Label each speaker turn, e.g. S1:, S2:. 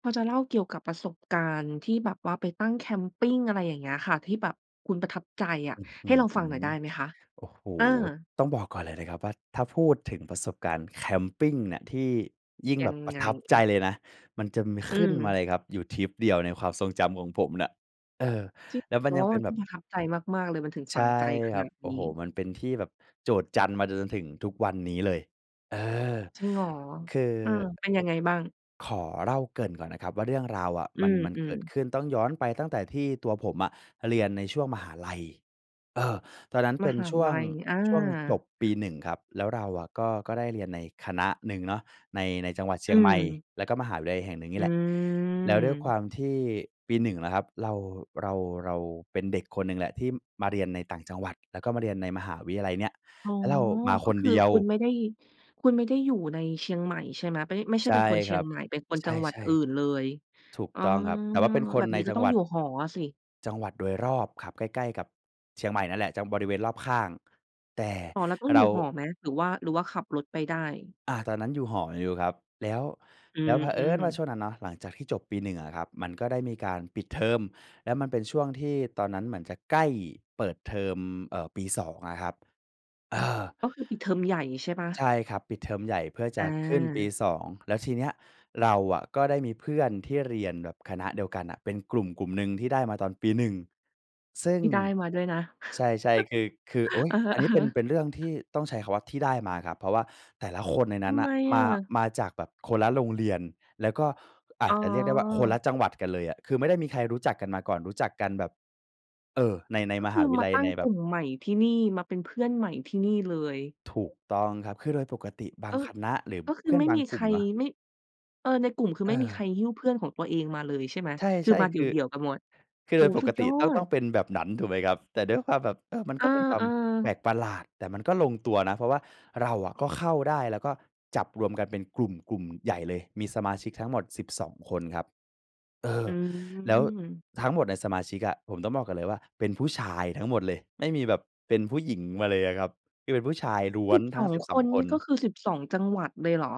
S1: พอจะเล่าเกี่ยวกับประสบการณ์ที่แบบว่าไปตั้งแคมปิง อะไรอย่างเงี้ยค่ะ ที่แบบคุณประทับใจอะ
S2: อื้อฮ
S1: ใ
S2: ื
S1: ห้ลองฟังหน่
S2: อ
S1: อยได้ไหมคะ?
S2: โอ้โฮ
S1: เออ
S2: ต้องบอกก่อนเลยนะครับว่า ถ้าพูดถึงประสบการณ์แคมปิงเนี่ยที่ยิ่ง
S1: ยั
S2: แบ
S1: ง
S2: บประ
S1: ไง?
S2: ทับใจเลยนะ มันจะมี
S1: อื
S2: ขึ้นมา
S1: ม
S2: เลยครับอยู่ทริปเดียวในความทรงจำของผมน่ะ เออ
S1: จริง
S2: แล้วมันยั
S1: ว
S2: ง
S1: ่า
S2: เป็
S1: มั
S2: น
S1: น
S2: แบ
S1: ต้อง
S2: บ
S1: ประทับใจมาก ๆ เลย มันถึง
S2: ใ
S1: ฝ
S2: ช
S1: ั
S2: ่
S1: งใจข
S2: คร
S1: น
S2: ั
S1: า
S2: บ
S1: ด
S2: โอ
S1: น
S2: ้โ
S1: ี
S2: ฮ
S1: ้
S2: มันเป็นที่แบบโจษจันมาจน จนถึงทุกวันนี้เลย เออ
S1: จริงเหรอ?
S2: คือ
S1: เออ เป็นยังไงบ้าง?
S2: ขอเล่าเกริ่นก่อนนะครับว่า เรื่องราวอะ
S1: อื
S2: มัน มันเก
S1: อ
S2: ิด
S1: ๆ
S2: ขึ้น ต้องย้อนไปตั้งแต่ที่ตัวผมอะเรียนในช่วงมหาลัย เออ ตอนนั้นเ
S1: ม
S2: ป็น
S1: หา
S2: ช่ว
S1: ลั
S2: ง
S1: ย อา
S2: ช่วงจบปี 1 ครับ แล้วเราอะก็ ก็ได้เรียนในคณะหนึ่งเนาะ ใน ในจังหวัดเช
S1: อ
S2: ี
S1: ื
S2: ยงใหม่
S1: ม
S2: แล้วก็มหาวิทยาลัยแห่งหนึ่งนี
S1: อื
S2: ่แหละ แล้วด้วยคว
S1: ม
S2: ามที่ปี 1 นะครับ เรา เรา เราเป็นเด็กคนหนึ่งแหละที่มาเรียนในต่างจังหวัด แล้วก็มาเรียนในมหาวิทยาลัยเนี่ย
S1: อ๋อ
S2: แล้วเรามา
S1: ก
S2: ค
S1: ็
S2: น
S1: คือ
S2: เดียว
S1: คุณไม่ได้ คุณไม่ได้อยู่ในเชียงใหม่ใช่ไหม? ไม่ได้ ไม่ใช
S2: ใ
S1: ่
S2: ช่
S1: เป็นคนเ
S2: ค
S1: ชี
S2: ร
S1: ย
S2: ั
S1: ง
S2: บ
S1: ใหม่ เป็นคน
S2: ใ
S1: จังหวั
S2: ช
S1: ด
S2: ่
S1: อื่นเลย
S2: ๆ ถูก
S1: อ๋อ
S2: ต้องครับ แต่ว่าเป็นค
S1: แบ
S2: น
S1: บ
S2: ใน
S1: นี้ก
S2: จ
S1: ็
S2: ัง
S1: ต้อ
S2: หว
S1: ง
S2: ั
S1: อ
S2: ด
S1: ยู่หออะสิ
S2: จังหวัดโดยรอบครับ ใกล้ ๆ กับเชียงใหม่นั่นแหละ จะบริเวณรอบข้าง แต่
S1: อ๋อ แล้วต้องอ
S2: เร
S1: ยู่
S2: า
S1: หอไหม? หรือว่า หรือว่าขับรถไปได้
S2: อา ตอนนั้นอยู่หออยู่ครับ แล้ว
S1: อื
S2: แล้ว
S1: อ
S2: เผ
S1: อ
S2: อ
S1: ื
S2: ิญ
S1: ม
S2: ว่าช่วงนั้นเนาะ หลังจากที่จบปี 1 อะครับ มันก็ได้มีการปิดเทอม แล้วมันเป็นช่วงที่ตอนนั้นเหมือนจะใกล้เปิดเทอม เอ่อ ปี 2 อะครับ เออ
S1: ก็คือปิดเทอมใหญ่ใช่เปล่า?
S2: ใช่ครับ ปิดเทอมใหญ่เพื่อจ
S1: อ
S2: ะขึ้นปี
S1: า
S2: 2 แล้วทีเนี้ยเราอะก็ได้มีเพื่อนที่เรียนแบบคณะเดียวกันอะ เป็นกลุ่มกลุ่มหนึ่งที่ได้มาตอนปี 1 ซึ่ง
S1: ที่ได้มาด้วยนะ
S2: ใช่ ๆ คือ คือ โอ๊ย
S1: อะฮ
S2: อันนี้เป
S1: ะ
S2: ็น
S1: ๆ
S2: เป็นเรื่องที่ต้องใช้คำว่าที่ได้มาครับ เพราะว่าแต่ละคนใน
S1: ท
S2: นั้น
S1: ำ
S2: น
S1: ไม
S2: ่ะ
S1: อ
S2: มา
S1: ะ?
S2: มาจากแบบคนละโรงเรียน แล้วก็อ
S1: อ
S2: า
S1: ๋
S2: จจะเรียกได้ว่าคนละ
S1: อ
S2: จังหวัดกันเลยอะ คือไม่ได้มีใครรู้จักกันมาก่อน รู้จักกันแบบ เออ ใน ใน
S1: ก็
S2: ม
S1: ค
S2: ห
S1: ื
S2: า
S1: อ
S2: วิท
S1: ม
S2: ยา
S1: า
S2: ลัย
S1: ตั้
S2: ใ
S1: ง
S2: นแบ
S1: กลุ
S2: บ
S1: ่มใหม่ที่นี่ มาเป็นเพื่อนใหม่ที่นี่เลย
S2: ถูกต้องครับ คือโดยปกติ บา
S1: เอ
S2: ง
S1: อ
S2: คณะหรือ
S1: ก็ค
S2: เพ
S1: ือ
S2: ื่อ
S1: ไ
S2: น
S1: ม่
S2: บา
S1: ม
S2: ง
S1: ี
S2: ก
S1: ใค
S2: ลุ่ม
S1: ร
S2: เนาะ
S1: ไม่ เออ ในกลุ่มคือ
S2: เ
S1: ไม่มีใค
S2: ออ
S1: รหิ้วเพื่อนของตัวเองมาเลยใช่ไหม?
S2: ใช
S1: คือ
S2: ่
S1: มาเ
S2: ๆ
S1: ด
S2: คือ
S1: ี่ยว ๆ กันหมด
S2: คือ
S1: โอ
S2: โด
S1: ้โ
S2: ย
S1: ฮ
S2: ป
S1: สุ
S2: ก
S1: ด
S2: ต
S1: ย
S2: ิ
S1: อ
S2: ต้อง ต้
S1: ด
S2: องเป็นแบบนั้น ถูกไหมครับ แต่ด้วยความแบบ เออ มัน
S1: อ
S2: ก
S1: า
S2: ็เป็นคว
S1: เ
S2: า
S1: อ
S2: มแปล
S1: อ
S2: กประหลาด แต่มันก็ลงตัวนะ เพราะว่าเราอะก็เข้าได้ แล้วก็จับรวมกันเป็นกลุ่ม กลุ่มใหญ่เลย มีสมาชิกทั้งหมด 12 คนครับ เออ
S1: อื
S2: แล้ว
S1: ม
S2: ทั้งหมดในสมาชิกอะ ผมต้องบอกก่อนเลยว่าเป็นผู้ชายทั้งหมดเลย ไม่มีแบบเป็นผู้หญิงมาเลยอะครับ คือเป็นผู้ชายล้ว
S1: สิ
S2: น
S1: บ
S2: ท
S1: ส
S2: ั้ง
S1: อง
S2: สิบส
S1: ค
S2: อง
S1: น
S2: ค
S1: นี่
S2: น
S1: ก็คือ 12 จังหวัดเลยเหรอ?